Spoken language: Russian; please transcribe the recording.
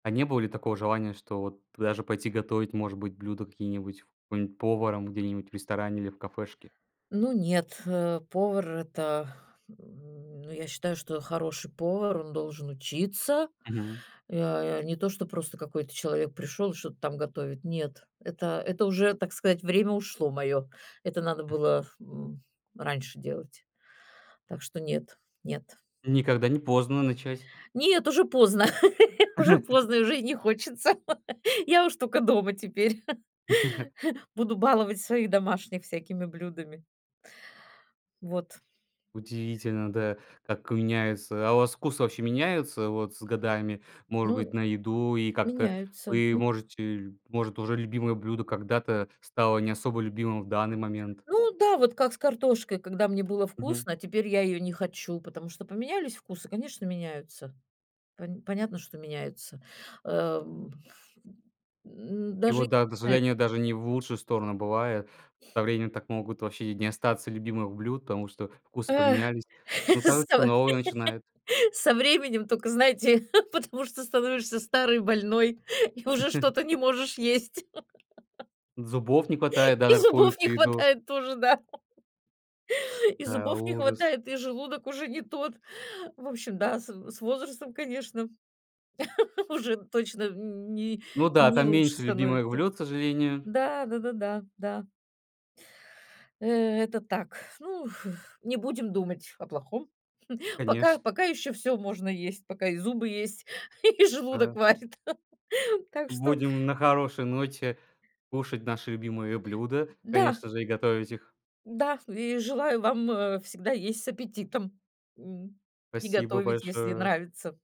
А не было ли такого желания, что вот даже пойти готовить, может быть, блюда какие-нибудь, какой-нить поваром где-нибудь в ресторане или в кафешке? Ну, нет, э, повар- это, м, ну, я считаю, что хороший повар, он должен учиться. Мгм. Э, не то что просто какой-то человек пришёл, и что-то там готовит. Нет, это, это уже, так сказать, время ушло моё, это надо было, м, раньше делать. Так что нет, нет. Никогда не поздно начать. Нет, уже поздно, уже поздно, уже не хочется. Я уж только дома теперь буду баловать своих домашних всякими блюдами. Вот. Удивительно, да, как меняется. А у вас вкус вообще меняется вот с годами, может Ну, быть, на еду? И как-то меняются вы, мен может, э, может, уже любимое блюдо когда-то стало не особо любимым в данный момент? Ну да, вот как с картошкой, когда мне было Мгм. вкусно, теперь я её не хочу, потому что поменялись вкусы, конечно, меняются, пон понятно, что меняются. Э, м, И даже не вот, да, к знаю сожалению, даже не почему. в лучшую сторону бывает. Со временем так могут вообще не остаться любимых блюд, потому что вкусы Э, поменялись. Потому что со новые начинают. со временем тока, знаете, потому что становишься старый, больной, и уже что-то не можешь есть. Зубов не хватает, да, И на зубов не какую-то еду. хватает тоже, да. И А, зубов не ужас. хватает, и желудок уже не тот. В общем, да, с в с возрастом, конечно, уже точно н не Ну да, не там лучше меньше любимых становится. блюд, к сожалению. Да, да-да-да, да. Э, это так. Ну, не будем думать о плохом. Конеч Пока, пока ещё всё можно есть, пока и зубы есть, и желудок Да. варит. Так что Будем на хорошей ноте кушать наши любимые блюда и, Да. конечно же, и готовить их. Да, и желаю вам, э, всегда есть с аппетитом, м, и Спасибо готовить, если большое. нравится.